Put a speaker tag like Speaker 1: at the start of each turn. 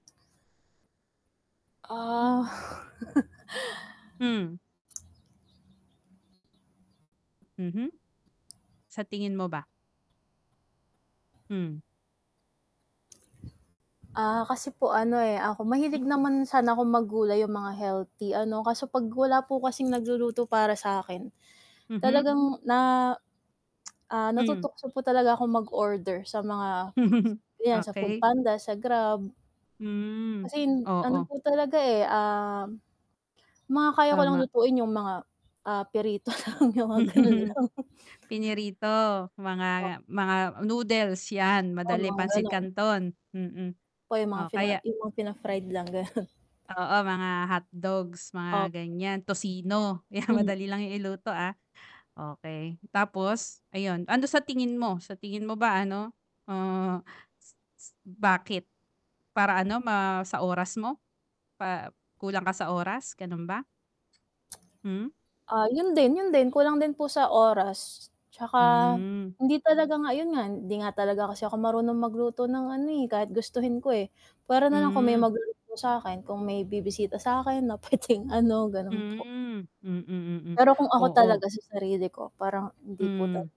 Speaker 1: Ah.
Speaker 2: Hmm. Mhm. Sa tingin mo ba? Hmm.
Speaker 1: Ah, kasi po ano, eh, ako mahilig
Speaker 2: Mhm.
Speaker 1: naman sana akong maggulay, yung mga healthy ano, kaso 'pag wala po kasing nagluluto para sa'kin,
Speaker 2: Mhm.
Speaker 1: talagang na, ah,
Speaker 2: Hmm.
Speaker 1: natutukso po talaga akong mag-order sa mga ganyan, sa Food
Speaker 2: Okey.
Speaker 1: Panda, sa Grab.
Speaker 2: Hmm,
Speaker 1: Kasi hin ano
Speaker 2: oo.
Speaker 1: po talaga, eh, um, mga kaya ko lang
Speaker 2: Tama.
Speaker 1: lutuin yung mga, ah, pirito lang, yung mga gano'n lang.
Speaker 2: Pinirito,
Speaker 1: Oh.
Speaker 2: mga mga noodles, yan
Speaker 1: Oo,
Speaker 2: madali,
Speaker 1: mga
Speaker 2: pansit
Speaker 1: gano'n.
Speaker 2: canton, mm,
Speaker 1: Po, yung mga
Speaker 2: o
Speaker 1: pina
Speaker 2: kaya
Speaker 1: yung mga pina-fried lang, gano'n.
Speaker 2: Oo, mga hotdogs, mga
Speaker 1: Opo
Speaker 2: ganyan, tocino, yan
Speaker 1: Mhm.
Speaker 2: madali lang yan iluto, ah, okey. Tapos, ayun, ano sa tingin mo, sa tingin mo ba ano, uh, s s bakit? Para ano, ma sa oras mo, pa kulang ka sa oras, gano'n ba? Hmm?
Speaker 1: Ah, 'yon din, 'yon din, kulang din po sa oras, tsaka,
Speaker 2: Hmm.
Speaker 1: hindi talaga nga 'yon nga, hindi nga talaga kasi ako marunong magluto ng ano, eh, kahit gustuhin ko, eh. Puwera na lang kung may
Speaker 2: Hmm.
Speaker 1: magluluto sa'kin, kung may bibisita sa'kin, na puwedeng ano, gano'n po.
Speaker 2: Hmm, mm, mm.
Speaker 1: Pero kung ako
Speaker 2: Oo.
Speaker 1: talaga, sa sarili ko, parang hindi po
Speaker 2: Hmm.
Speaker 1: tal